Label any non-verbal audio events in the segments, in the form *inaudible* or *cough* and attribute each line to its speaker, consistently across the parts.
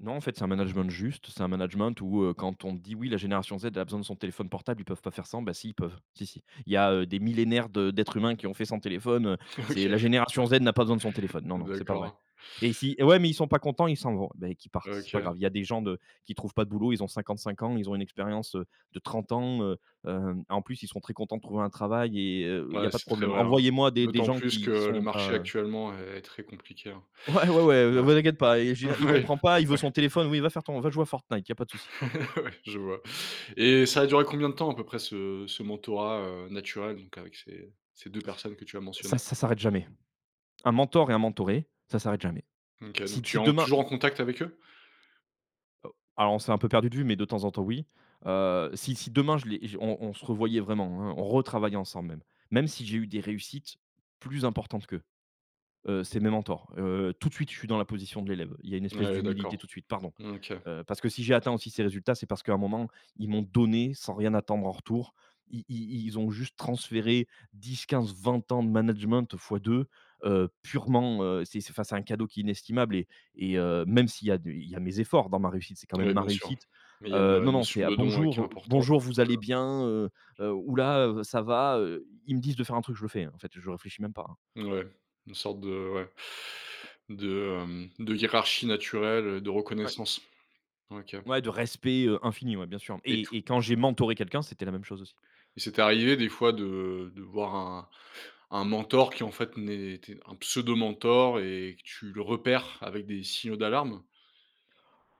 Speaker 1: Non en fait, c'est un management juste, c'est un management où, heu, quand on dit: «Oui la génération Z a besoin de son téléphone portable, ils peuvent pas faire sans». Ben si, ils peuvent, si, si. Il y a, heu, des millénaires de d'êtres humains qui ont fait sans téléphone, heu, c'est
Speaker 2: OK,
Speaker 1: la génération Z n'a pas besoin de son téléphone, non, non, c'est
Speaker 2: *laughs*
Speaker 1: pas vrai
Speaker 2: d'accord.
Speaker 1: et si: «Mais ouais, mais ils sont pas contents, ils s'en vont», mais qu'ils partent, c'est pas
Speaker 2: OK.
Speaker 1: grave. Il y a des gens de qui trouvent pas de boulot ils ont 55 ans, ils ont une expérience, heu, de 30 ans, heu, heu, en plus, ils sont très contents de trouver un travail et heu, où il y a
Speaker 2: Ouais,
Speaker 1: pas de
Speaker 2: c'est très
Speaker 1: problème.
Speaker 2: vrai, hein.
Speaker 1: Envoyez-moi des des
Speaker 2: D'autant
Speaker 1: gens
Speaker 2: plus
Speaker 1: qui
Speaker 2: que
Speaker 1: qui
Speaker 2: le
Speaker 1: sont
Speaker 2: marché
Speaker 1: pas
Speaker 2: actuellement est très compliqué, hein.
Speaker 1: Ouais, ouais, ouais, oh
Speaker 2: Ouais.
Speaker 1: bah t'inquiète pas. Il je veux dire, il
Speaker 2: Oui,
Speaker 1: comprend pas, il veut
Speaker 2: ouais.
Speaker 1: son téléphone, oui va faire ton va jouer à Fortnite, il y pas de souci.
Speaker 2: *laughs* Ouais, je vois et ça a duré combien de temps à peu près ce ce mentorat, heu, naturel, donc avec ces ces 2 personnes que tu as
Speaker 1: Ça
Speaker 2: mentionnées?
Speaker 1: ça s'arrête jamais. Un mentor et un mentoré, ça s'arrête jamais.
Speaker 2: OK,
Speaker 1: Si
Speaker 2: donc
Speaker 1: t
Speaker 2: tu
Speaker 1: si
Speaker 2: es en
Speaker 1: demain, mmh
Speaker 2: toujours en contact avec eux?
Speaker 1: Oh, alors on s'est un peu perdu de vue mais de temps en temps oui, heu, si si demain je les on on se revoyait vraiment, hein, on retravaillait ensemble. Même si j'ai eu des réussites, plus importantes qu'eux, heu, c'est mes mentors. Heu, heu, tout de suite je suis dans la position de l'élève, il y une
Speaker 2: Ouais,
Speaker 1: espèce
Speaker 2: ouais,
Speaker 1: d'humilité,
Speaker 2: d'accord.
Speaker 1: tout de suite, pardon,
Speaker 2: OK.
Speaker 1: heu, parce que si j'ai atteint aussi ces résultats c'est parce qu'à un moment, ils m'ont donné, sans rien attendre en retour. I i ils ont juste transféré, 10-15-20 ans de management, fois 2, heu, purement, heu, c'est c'est enfin c'est un cadeau qui est inestimable et et heu, même s'il y a du il y a mes efforts, dans ma réussite, c'est quand même
Speaker 2: Oui
Speaker 1: ma
Speaker 2: bien sûr,
Speaker 1: réussite.
Speaker 2: mais il y a
Speaker 1: Heu, non,
Speaker 2: une
Speaker 1: non c'est:
Speaker 2: notion
Speaker 1: «Ah
Speaker 2: de don, heu, qui
Speaker 1: bonjour!»,
Speaker 2: est
Speaker 1: heu,
Speaker 2: importante.
Speaker 1: «Bonjour vous allez bien, heu?» Heu, «Houlà!», heu «Ça va?» heu. Ils me disent de faire un truc je le fais, hein, en fait, heu, je réfléchis même pas, hein.
Speaker 2: Ouais, une sorte de ouais, de, hem, de hiérarchie naturelle, heu, de
Speaker 1: Ouais.
Speaker 2: reconnaissance. OK.
Speaker 1: Ouais de respect, heu, infini ouais, bien sûr
Speaker 2: Et
Speaker 1: et
Speaker 2: tout
Speaker 1: et quand j'ai mentoré quelqu'un c'était la même chose aussi.
Speaker 2: et c'est arrivé des fois de de voir un un mentor qui en fait n'était un pseudo mentor et que tu le repères, avec des signaux d'alarme?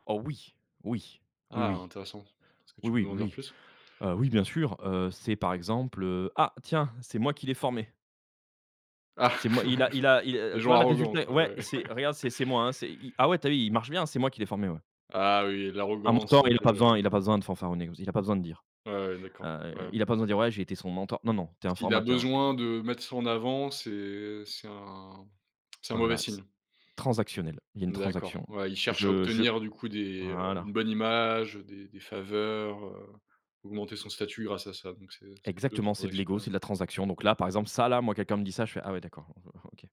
Speaker 1: Oh oui, oui, oui,
Speaker 2: Ah
Speaker 1: oui,
Speaker 2: intéressant, est-ce que
Speaker 1: oui,
Speaker 2: tu peux
Speaker 1: oui,
Speaker 2: m'en dire
Speaker 1: oui,
Speaker 2: plus?
Speaker 1: heu, oui bien sûr, heu, c'est par exemple, heu: «Ah, tiens, c'est moi qui l'ai formé»
Speaker 2: Ah,
Speaker 1: «c'est moi il a il a
Speaker 2: *chuckles*
Speaker 1: il
Speaker 2: des
Speaker 1: tu
Speaker 2: gens
Speaker 1: vois le
Speaker 2: arrogants
Speaker 1: résultat?
Speaker 2: quoi,
Speaker 1: Ouais,
Speaker 2: ouais.
Speaker 1: c'est regarde, c'est
Speaker 2: *laughs*
Speaker 1: c'est moi, hein. C'est, i ah ouais, tu as vu il marche bien? C'est moi qui l'ai formé, ouais»
Speaker 2: Ah oui,
Speaker 1: un
Speaker 2: l'arrogance,
Speaker 1: mentor,
Speaker 2: donc
Speaker 1: il a pas besoin
Speaker 2: heu
Speaker 1: il a pas besoin de fanfaronner, il a pas besoin de dire.
Speaker 2: Ouais, ouais d'accord,
Speaker 1: Heu,
Speaker 2: ouais.
Speaker 1: il a pas besoin de dire: «Ouais, j'ai été son mento» non, non, tu es un
Speaker 2: Ce qu'il a
Speaker 1: formateur, ouais, heu
Speaker 2: besoin de mettre ça en avant c'est, heu, c'est un c'est un mauvais
Speaker 1: Voilà, c
Speaker 2: signe.
Speaker 1: transactionnel, il y une
Speaker 2: D'accord,
Speaker 1: transaction.
Speaker 2: ouais, il cherche à
Speaker 1: Je je
Speaker 2: obtenir du coup des, heu, une
Speaker 1: voilà.
Speaker 2: bonne image, heu des des faveurs, heu, augmenter son statut grâce à ça, donc c'est c'est plus
Speaker 1: Exactement, c'est de l'égo,
Speaker 2: transactionnel.
Speaker 1: c'est de la transaction. Donc là, par exemple ça là, moi quelqu'un me dit ça je fais: «Ah ouais d'accord, ah O O OK».